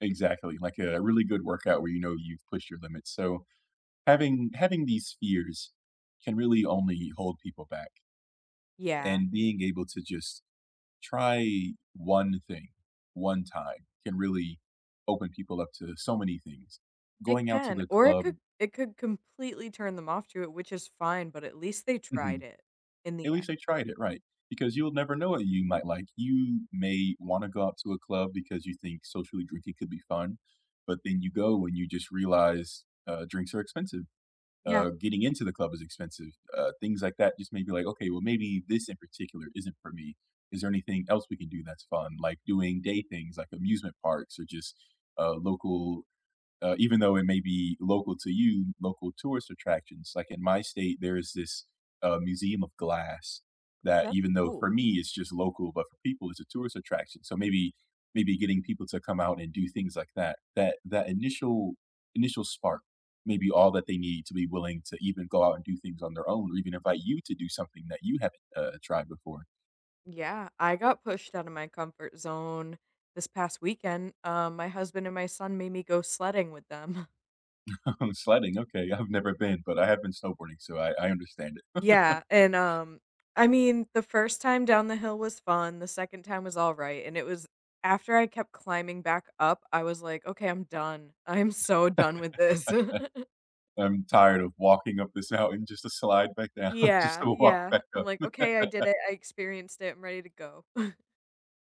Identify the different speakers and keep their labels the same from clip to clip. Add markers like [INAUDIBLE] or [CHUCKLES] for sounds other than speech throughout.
Speaker 1: Exactly, like a really good workout where you know you've pushed your limits. So, having having these fears can really only hold people back.
Speaker 2: Yeah.
Speaker 1: And being able to just try 1 thing, 1 time, can really open people up to so many things.
Speaker 2: It
Speaker 1: Going out to
Speaker 2: can,
Speaker 1: the
Speaker 2: or it could
Speaker 1: club
Speaker 2: it could completely turn them off to it, which is fine, but at least they tried
Speaker 1: Mhm.
Speaker 2: it in
Speaker 1: At
Speaker 2: the end.
Speaker 1: least I tried it, right. Because you'll never know what you might like. You may wanna go out to a club because you think socially drinking could be fun, but then you go and you just realize, uh, drinks are expensive,
Speaker 2: Yeah.
Speaker 1: uh, getting into the club is expensive, uh, things like that just may be, like, okay, well maybe this in particular isn't for me. Is there anything else we can do that's fun, like, doing day things like amusement parks or just a local Uh, even though it may be local to you, local tourist attractions, like in my state, there is this, uh, museum of Glass that
Speaker 2: That's
Speaker 1: even though
Speaker 2: cool.
Speaker 1: for me it's just local, but for people it's a tourist attraction. So, maybe maybe getting people to come out and do things like that that that initial initial spark may be all that they need to be willing to even go out and do things on their own, or even invite you to do something that you haven't, uh, tried before.
Speaker 2: Yeah, I got pushed outta my comfort zone this past weekend. Um, my husband and my son made me go sledding with them.
Speaker 1: [LAUGHS] Sledding, okay, I've never been, but I have been snowboarding, so, I I understand it.
Speaker 2: Yeah, and, um, I mean, the 1st time down the hill was fun, the 2nd time was all right, and it was After I kept climbing back up, I was, like, "Okay, I'm done. I'm
Speaker 1: [LAUGHS]
Speaker 2: so done with this." [CHUCKLES]
Speaker 1: I'm tired of walking up this mountain just to slide back down, just
Speaker 2: Yeah,
Speaker 1: to walk
Speaker 2: yeah,
Speaker 1: back
Speaker 2: I'm,
Speaker 1: up.
Speaker 2: like, "Okay, I did
Speaker 1: [LAUGHS]
Speaker 2: it, I experienced it, I'm ready to go." [CHUCKLES]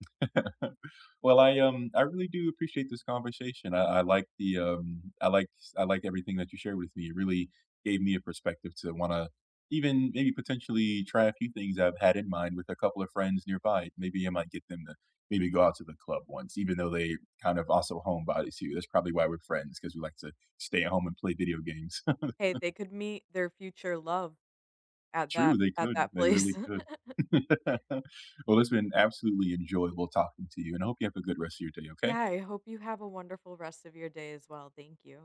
Speaker 1: [CHUCKLES] Well, I, um, I really do appreciate this conversation. I I like the, um, I like s I like everything that you shared with me, it really gave me a perspective to wanna even maybe potentially try a few things I've had in mind with a couple of friends nearby. Maybe I might get them to maybe go out to the club once, even though they kind of also homebodies to you, that's probably why we're friends 'cause we like to stay at home and play video games.
Speaker 2: Hey,
Speaker 1: [CHUCKLES]
Speaker 2: they could meet their future love at that
Speaker 1: True, they
Speaker 2: at
Speaker 1: could,
Speaker 2: that
Speaker 1: they really
Speaker 2: place.
Speaker 1: could.
Speaker 2: [LAUGHS]
Speaker 1: [LAUGHS] Well, it's been absolutely enjoyable talking to you, and I hope you have a good rest of your day, okay?
Speaker 2: Yeah, I hope you have a wonderful rest of your day as well thank you.